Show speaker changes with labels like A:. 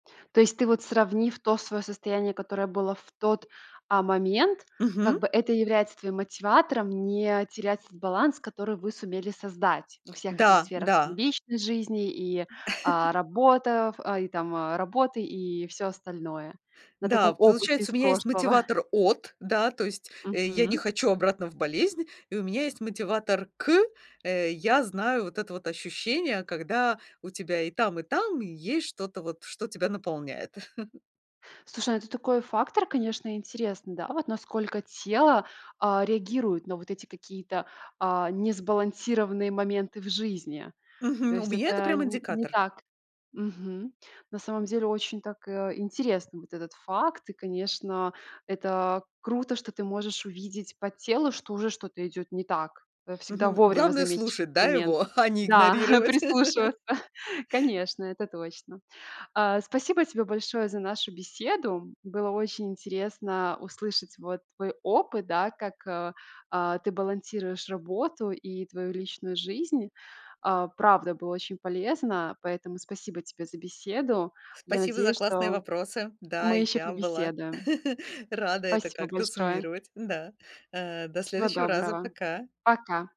A: То есть, ты вот, сравнив то свое состояние, которое было в тот, а, момент, как
B: Мгм.
A: бы, это является твоим мотиватором не терять этот баланс, который вы сумели создать во всех этих
B: Да,
A: сферах, там,
B: да.
A: личной жизни и, а, работа, в и там работы, и всё остальное на
B: Да.
A: таком опыте из
B: Получается, у меня есть
A: прошлого.
B: мотиватор "от", да, то есть я не
A: Мгм.
B: хочу обратно в болезнь, и у меня есть мотиватор "к", э, я знаю вот это вот ощущение, когда у тебя и там, и там, и есть что-то вот, что тебя наполняет.
A: Слушай, ну, это такой фактор, конечно, интересный, да, вот насколько тело, а, реагирует на вот эти какие-то, а, несбалансированные моменты в жизни. То
B: Мгм, у
A: есть
B: меня это
A: это
B: прям
A: н не
B: индикатор.
A: так мгм. На самом деле очень так, э, интересно вот этот факт. И, конечно, это круто, что ты можешь увидеть по телу, что уже что-то идёт не так. Это всегда
B: Мгм,
A: вовремя
B: главное
A: заметить
B: слушать,
A: этот
B: да,
A: момент.
B: его, а не
A: Да,
B: игнорировать.
A: прислушиваться, конечно, это точно. А, спасибо тебе большое за нашу беседу. Было очень интересно услышать вот твой опыт, да, как, а а ты балансируешь работу и твою личную жизнь. А, правда, было очень полезно, поэтому спасибо тебе за беседу. Я
B: Спасибо за
A: надеюсь,
B: классные
A: что
B: вопросы. Да,
A: мы
B: и
A: ещё
B: я была
A: побеседуем.
B: рада это
A: Спасибо
B: как-то
A: большое.
B: суммировать. Да, э, до
A: Всего
B: следующего раза.
A: доброго.
B: Пока.
A: Пока.